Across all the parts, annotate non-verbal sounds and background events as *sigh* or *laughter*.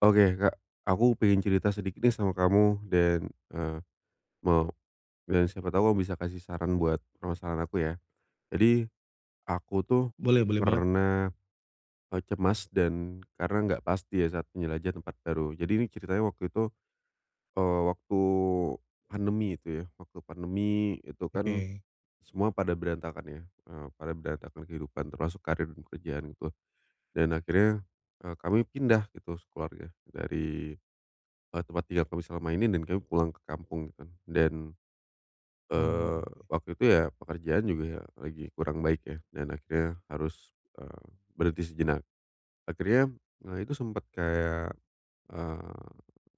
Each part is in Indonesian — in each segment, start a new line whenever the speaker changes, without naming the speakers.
Oke Kak. Aku pengen cerita sedikit nih sama kamu, dan, eee, mau, eee, siapa tahu bisa kasih saran buat permasalahan aku ya. Jadi, aku tuh
Boleh boleh banget Kak.
pernah, e cemas dan karena nggak pasti ya saat menjelajah tempat baru. Jadi ini ceritanya waktu itu, eee, waktu pandemi itu ya, waktu pandemi itu kan
Oke.
semua pada berantakan ya, eee, pada berantakan kehidupan termasuk karier pekerjaanku. Dan akhirnya, eee, kami pindah gitu sekeluarga dari, e tempat tinggal kami selama ini, dan kami pulang ke kampung gitu kan. Dan, eee,
Oh, oke.
waktu itu ya pekerjaan juga ya lagi kurang baik ya, dan akhirnya harus, eee, berhenti sejenak. Akhirnya, e itu sempet kayak, eee,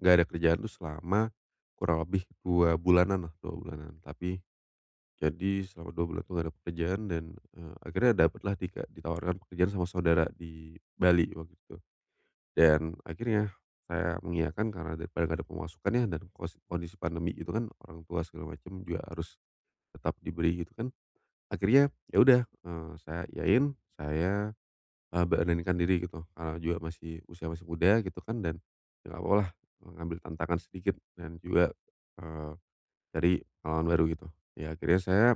enggak ada kerjaan itu selama kurang lebih 2 bulanan lah, 2 bulanan. Tapi, jadi selama 2 bulan itu nggak ada pekerjaan dan, eee, akhirnya dapatlah 3 ditawarkan pekerjaan sama saudara di Bali, di waktu itu. Dan akhirnya, saya mengiyakan karena daripada nggak ada pemasukan ya, dan kos kondisi pandemi gitu kan, orang tua segala macam juga harus tetap diberi gitu kan. Akhirnya, ya udah, eee, saya iyain, saya, eee, beranikan diri gitu, eee, juga masih usia masih muda gitu kan, dan nggak apa-apa lah, e ngambil tantangan sedikit, dan juga, eee, dari pengalaman baru gitu. Ya akhirnya saya,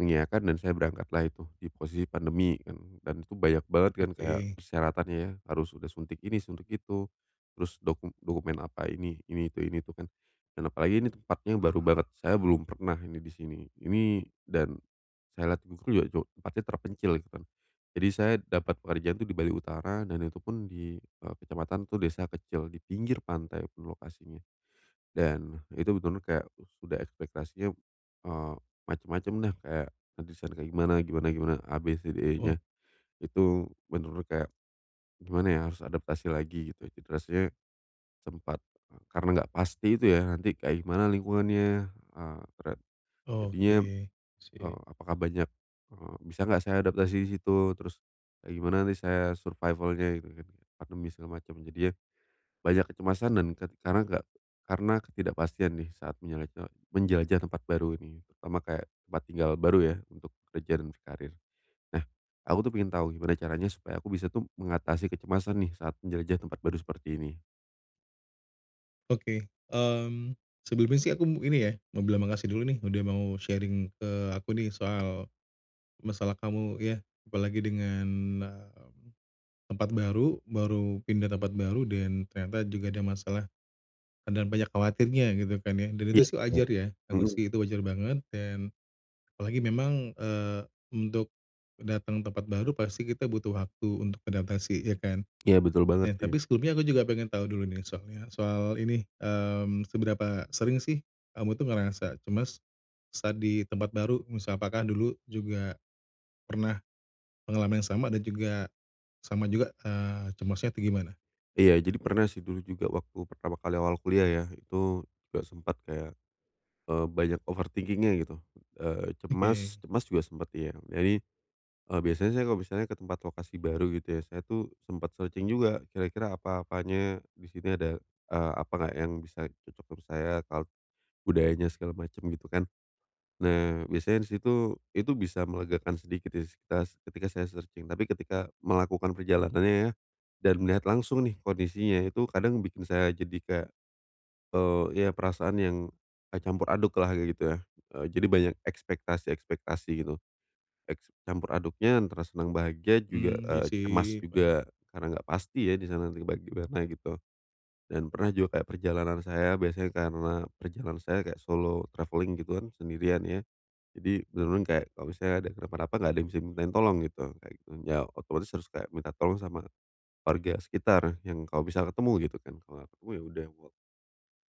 mengiayakan dan saya berangkatlah itu di posisi pandemi dan dan itu banyak banget kan, kayak
Oke.
persyaratannya ya harus udah suntik ini, suntik itu, terus doku dokumen apa ini, ini itu, ini itu kan. Dan apalagi ini tempatnya baru banget. Saya belum pernah ini di sini, ini dan saya lihat di Google ya jo tempatnya terpencil, gitu kan. Jadi saya dapat pekerjaan itu di Bali Utara, dan itu pun di, eee, kecamatan itu desa kecil di pinggir pantai lokasinya. Dan, itu benar-benar kayak sudah ekspektasinya, eee, macem-macem dah kayak, nanti saya kayak gimana gimana gimana, A B C D
Oh.
E-nya. Itu benar-benar kayak, gimana ya, harus adaptasi lagi gitu. Jadi rasanya, sempat, e karena enggak pasti itu ya, nanti kayak gimana lingkungannya, eee, tera jadinya,
Oke. Sip.
eee, apakah banyak, eee, bisa enggak saya adaptasi di situ, terus, kayak gimana nanti saya survival-nya gitu kan, pandemi segala macem. Jadinya, banyak kecemasan dan ke karena nggak karena ketidakpastian nih saat menyalak e menjelajah tempat baru ini, terutama kayak tempat tinggal baru ya, untuk kerja dan karir. Nah, aku tuh pengen tahu gimana caranya supaya aku bisa tuh, mengatasi kecemasan nih saat menjelajah tempat baru seperti ini?
Oke, mmm, sebelumnya sih aku ini ya mau bilang makasih dulu nih udah mau sharing ke aku nih soal, masalah kamu ya apalagi dengan, mmm, tempat baru baru pindah tempat baru dan ternyata juga ada masalah, ada banyak khawatirnya gitu kan ya dan itu
Iya
sih
bener,
wajar ya aku
mhm.
sih itu wajar banget dan, apalagi memang, eee, untuk, datang ke tempat baru pasti kita butuh waktu untuk adaptasi ya kan?
Iya betul banget
Eh,
sih.
tapi sebelumnya aku juga pengen tahu dulu nih soalnya soal ini, mmm, seberapa sering sih, kamu tuh ngerasa cemas, saat di tempat baru? Misal apakah dulu juga, pernah, pengalaman yang sama dan juga, sama juga, eee, cemasnya atau gimana?
Iya jadi pernah sih dulu juga waktu pertama kali awal kuliah ya itu juga sempet kayak, eee, banyak overthinking-nya gitu, eee,
Oke.
cemas cemas juga sempet ya jadi, eee, biasanya saya kalau misalnya ke tempat lokasi baru gitu ya saya tuh sempet searching juga kira-kira apa-apanya di sini ada, eee, apa enggak yang bisa cocok dengan saya kalo budayanya segala macem gitu kan, nah biasanya di situ itu bisa melegakan sedikit kistas ketika saya searching tapi ketika melakukan perjalanannya ya, dan melihat langsung nih kondisinya itu kadang bikin saya jadi kayak, eee, ya perasaan yang, campur aduk lah kaya gitu ya, eee, jadi banyak ekspektasi-ekspektasi gitu, eks campur aduknya antara senang bahagia juga,
Mmm, iya
eee, cemas
sih paham.
juga karena enggak pasti ya di sana gimana-gimana gitu, dan pernah juga kayak perjalanan saya biasanya karena perjalanan saya kayak solo travelling gitu kan sendirian ya, jadi bener-bener kayak kalau misalnya ada kenapa-napa nggak ada yang bisa dimintain tolong gitu kayak gitu ya otomatis harus kayak minta tolong sama, warga sekitar yang kalau bisa ketemu gitu kan kalo nggak ketemu ya udah *unintelligible*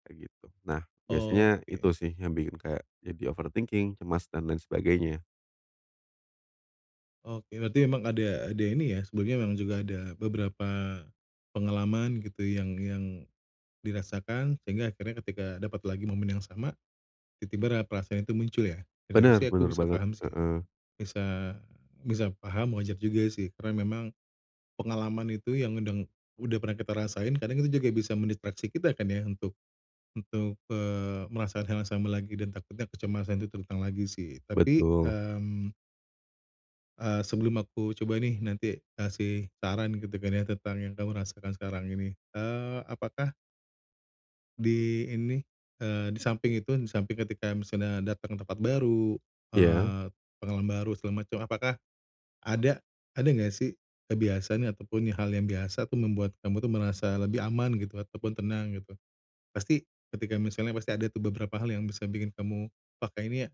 kayak gitu nah biasanya itu
Oke.
sih yang bikin kayak jadi overthinking cemas dan lain sebagainya.
Oke, berarti memang ada ada ini ya, sebelumnya memang juga ada beberapa pengalaman, gitu yang yang dirasakan, sehingga akhirnya ketika dapat lagi momen yang sama, tiba-tiba ra perasaan itu muncul ya? Dan itu
Benar,
sih, aku
benar
bisa
banget.
paham sih.
Heeh.
Bisa bisa paham, wajar juga sih, karena memang pengalaman itu, yang udang udah pernah kita rasain, kadang itu juga bisa mendistraksi kita kan ya, untuk untuk, eee, merasakan hal yang sama lagi. Dan takutnya kecemasan itu terulang lagi sih. Tapi,
Betul.
mmm eee, sebelum aku coba nih, nanti kasih saran, gitu kan ya, tentang yang kamu rasakan sekarang ini, eee, apakah di ini, eee, di samping itu, di samping ketika misalnya datang ke tempat baru,
Ya?
eee, pengalaman baru, segala macam, apakah ada ada nggak sih kebiasaan, ataupun hal yang biasa tuh membuat kamu tuh merasa lebih aman gitu, ataupun tenang gitu. Pasti, ketika misalnya, pasti ada tuh beberapa hal yang bisa bikin kamu, "Pakai ini ya,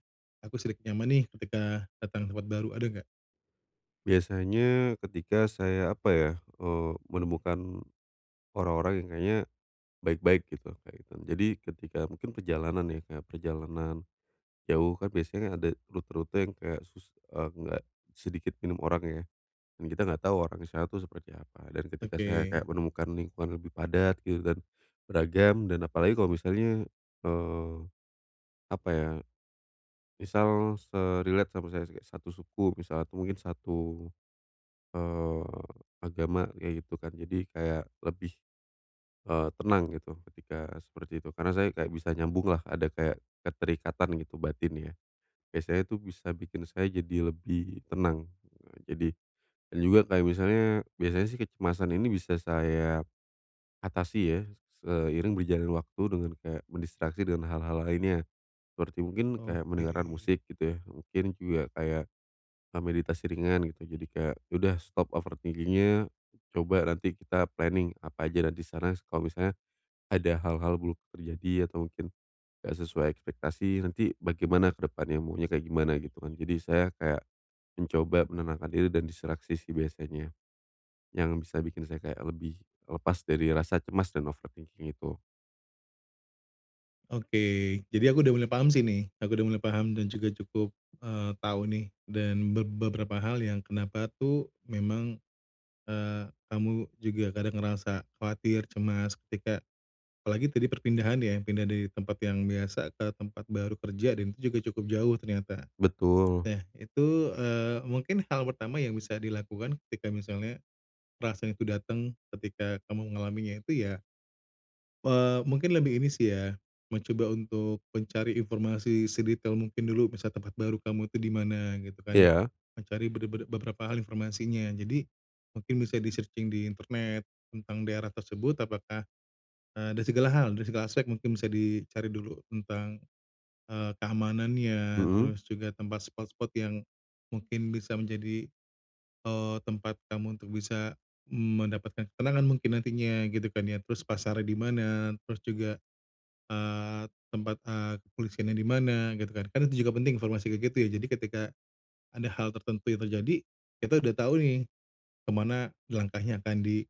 aku sedikit nyaman nih." ketika datang ke tempat baru. Ada nggak?
Biasanya ketika saya apa ya, eee, menemukan orang-orang yang kayaknya baik-baik gitu, nah itu. Jadi ketika mungkin perjalanan ya kayak perjalanan jauh kan biasanya ada rute-rute yang kayak susus eee, nggak sedikit minim orang ya. Mmm, kita enggak tahu orang misalnya itu seperti apa. Dan ketika saya kayak
Oke.
menemukan lingkungan lebih padat gitu dan beragam dan apalagi kalau misalnya, eee, apa ya misal se-relate sama saya kayak s satu suku misalnya tuh mungkin satu, eee, agama kayak gitu kan. Jadi kayak lebih, eee, tenang gitu ketika seperti itu. Karena saya nggak bisa nyambung lah ada kayak keterikatan gitu batin ya. Biasanya itu bisa bikin saya jadi lebih tenang. Jadi dan juga kayak misalnya biasanya sih kecemasan ini bisa saya atasi ya s seiring berjalannya waktu dengan kayak mendistraksi dengan hal-hal lainnya. Seperti mungkin kayak
Oke.
mendengarkan musik gitu ya mungkin juga kayak, eee, meditasi ringan gitu. Jadi kayak, ya udah stop overthinking-nya, coba nanti kita planning apa aja nanti sana kalau misalnya ada hal-hal buruk terjadi atau mungkin nggak sesuai ekspektasi nanti bagaimana ke depannya maunya kayak gimana gitu kan. Jadi saya kayak mencoba menenangkan diri dan diseleksi sih biasanya, yang bisa bikin saya kayak lebih lepas dari rasa cemas dan overthinking itu.
Oke jadi aku udah mulai paham sih nih aku udah mulai paham dan juga cukup, eee, tahu nih dan be be beberapa hal yang kenapa tuh memang, eee, kamu juga kadang ngerasa khawatir cemas ketika, apalagi tadi perpindahan ya pindah dari di tempat yang biasa ke tempat baru kerja dan itu juga cukup jauh ternyata,
Betul.
nah itu, eee, mungkin hal pertama yang bisa dilakukan ketika misalnya, perasaan itu datang ketika kamu mengalaminya itu ya. Eee, mungkin lebih ini sih ya, mencoba untuk mencari informasi sedetail mungkin dulu bisa tempat baru kamu itu di mana gitu kan,
Iya.
mencari be be beberapa hal informasinya jadi, mungkin bisa di searching di internet, tentang daerah tersebut apakah, eee, dari segala hal dari segala aspek mungkin bisa dicari dulu tentang, eee, keamanannya
Mhm.
terus juga tempat spot-spot yang, mungkin bisa menjadi, eee, tempat kamu untuk bisa mendapatkan ketenangan mungkin nantinya gitu kan ya terus pasarnya di mana terus juga, eee, tempat, eee, kepolisiannya di mana gitu kan kan itu juga penting informasi kayak gitu ya jadi ketika, ada hal tertentu yang terjadi, kita udah tahu nih, kemana langkahnya akan di,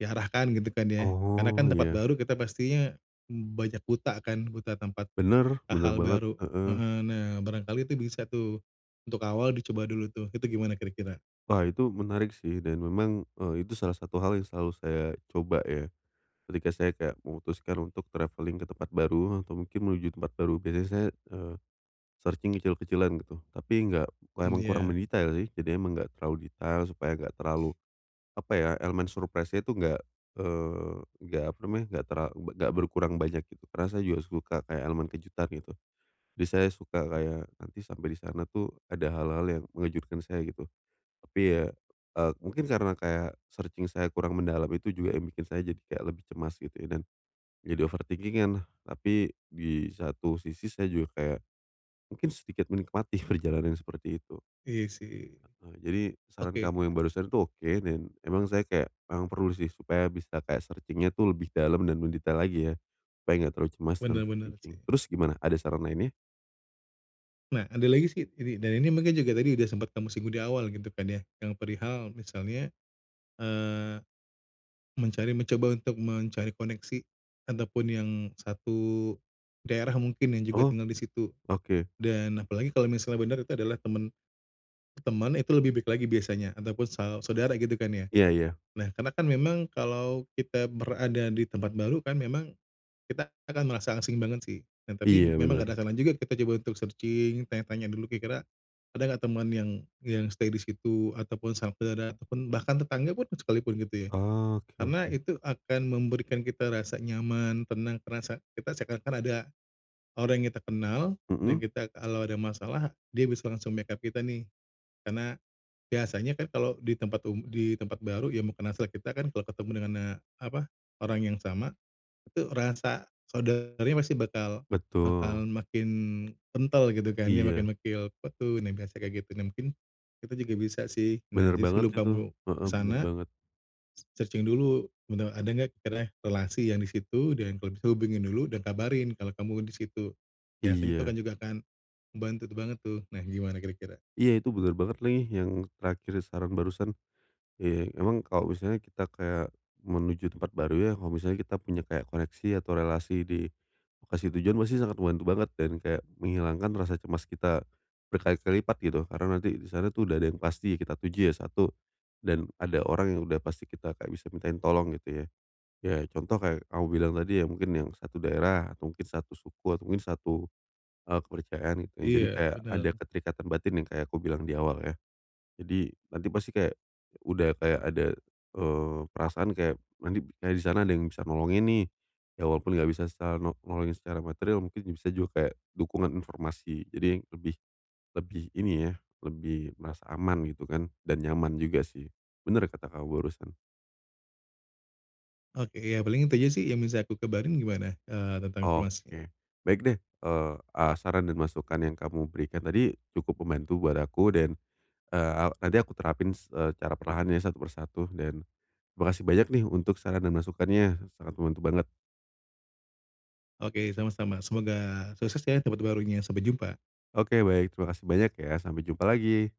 diarahkan gitu kan ya karena
Oh
kan tempat
iya.
baru kita pastinya banyak buta kan, buta tempat,
Bener bener
hal
banget,
baru,
heeh.
heeh, nah barangkali itu bisa tuh, untuk awal dicoba dulu tuh itu gimana kira-kira?
Wah itu, menarik sih. Dan memang, eee, itu salah satu hal yang selalu saya coba ya, ketika saya kayak memutuskan untuk travelling ke tempat baru, eh, atau mungkin menuju tempat baru, biasanya saya, eee, searching kecil-kecilan gitu. Tapi nggak emang kurang
Iya.
mendetail sih. Jadi emang enggak terlalu detail, supaya enggak terlalu, apa ya, elemen surprise-nya itu enggak, eee, enggak, apa namanya, enggak terla be nggak berkurang banyak gitu. Karena saya juga suka kayak elemen kejutan gitu. Jadi saya suka kayak, nanti sampai di sana itu, ada hal-hal yang mengejutkan saya gitu. Tapi ya, eee, mungkin karena kayak, searching saya kurang mendalam itu juga, yang bikin saya jadi kayak lebih cemas gitu, dan jadi overthinking-an. Tapi, di satu sisi saya juga kayak, mungkin sedikit menikmati perjalanan yang seperti itu.
Iya sih.
Heeh, jadi, saran
Oke.
kamu yang barusan itu oke, dan emang saya kayak memang perlu sih supaya bisa kayak searching-nya itu lebih dalam, dan mendetail lagi ya, supaya enggak terlalu cemas dan
Benar, benar
overthinking.
sih.
Terus gimana? Ada saran lainnya?
Nah, ada lagi sih ini, dan ini mungkin juga tadi udah sempet kamu singgung di awal, gitu kan ya, yang perihal misalnya, eee, mencari mencoba untuk mencari koneksi, ataupun yang satu daerah mungkin yang juga
Oh.
tinggal di situ.
Oke.
Dan, apalagi kalau misalnya benar itu adalah teman teman, itu lebih baik lagi biasanya, ataupun sau saudara gitu kan ya.
Iya iya.
Nah, karena kan memang, kalau kita berada di tempat baru kan memang, kita akan merasa asing banget sih. Nah tapi,
Iya
memang ada
benar.
kalanya juga kita coba untuk searching, tanya-tanya dulu kira-kira, ada enggak teman yang yang stay di situ, atau pun sampe ada teman, bahkan tetangga pun sekalipun gitu ya.
Oke
Karena
oke.
itu akan memberikan kita rasa nyaman, tenang, terasa kita seakan-akan ada orang yang kita kenal, dan
Heeh?
kita kalau ada masalah, dia bisa langsung back up kita nih. Karena, biasanya kan kalau di tempat um di tempat baru yang bukan asal kita kan kalau ketemu dengan, eee, apa, orang yang sama, itu rasa saudaranya pasti bakal
Betul.
bakal makin kental gitu kan. Dia
Iya.
makin makil apa tuh, nah biasa kayak gitu. Nah mungkin, kita juga bisa sih, nah,
Benar
jadi
banget
sebelum
itu.
kamu ke
Heeh, benar
sana
banget.
Searching dulu, benar ada enggak kiranya relasi yang di situ, dan kalau bisa hubungin dulu, dan kabarin kalau kamu di situ. Biasanya itu
Iya.
kan juga akan membantu tu banget tuh. Nah, gimana kira-kira?
Iya itu benar banget lagi, yang terakhir saran barusan. Ya, emang kalau misalnya kita kayak menuju tempat baru ya, kalau misalnya kita punya kayak koneksi, atau relasi di, lokasi tujuan, pasti sangat membantu banget, dan kayak menghilangkan rasa cemas kita, berkali-kali lipat gitu. Karena nanti di sana itu, udah ada yang kita tuju ya satu, dan ada orang yang udah pasti kita kayak bisa mintain tolong gitu ya, ya contoh, kayak kamu bilang tadi ya, mungkin yang satu daerah, atau mungkin satu suku, atau mungkin satu, e kepercayaan gitu. Ya jadi
Iya,
kayak, ada
benar.
keterikatan batin, yang kayak aku bilang di awal ya. Jadi, nanti pasti kayak udah kayak ada, eee, perasaan kayak nanti kayak di sana ada yang bisa nolongin nih. Ya walaupun enggak bisa secara no nolongin secara materil, mungkin bisa juga kayak dukungan informasi. Jadi lebih lebih ini ya, lebih merasa aman gitu kan, dan nyaman juga sih. Benar kata kamu barusan.
Oke, ya paling itu aja sih, yang bisa aku kabarin gimana, eee, tentang informasinya.
Oke. Baik deh, eee, ah saran dan masukan yang kamu berikan tadi, cukup membantu buat aku, dan, eee, tadi aku terapin s eee, cara perlahanan ya, satu persatu dan, makasih banyak nih untuk saran dan masukannya, sangat membantu banget.
Oke sama-sama. Semoga sukses ya di tempat barunya. Sampai jumpa.
Oke, baik. Terima kasih banyak ya, sampai jumpa lagi.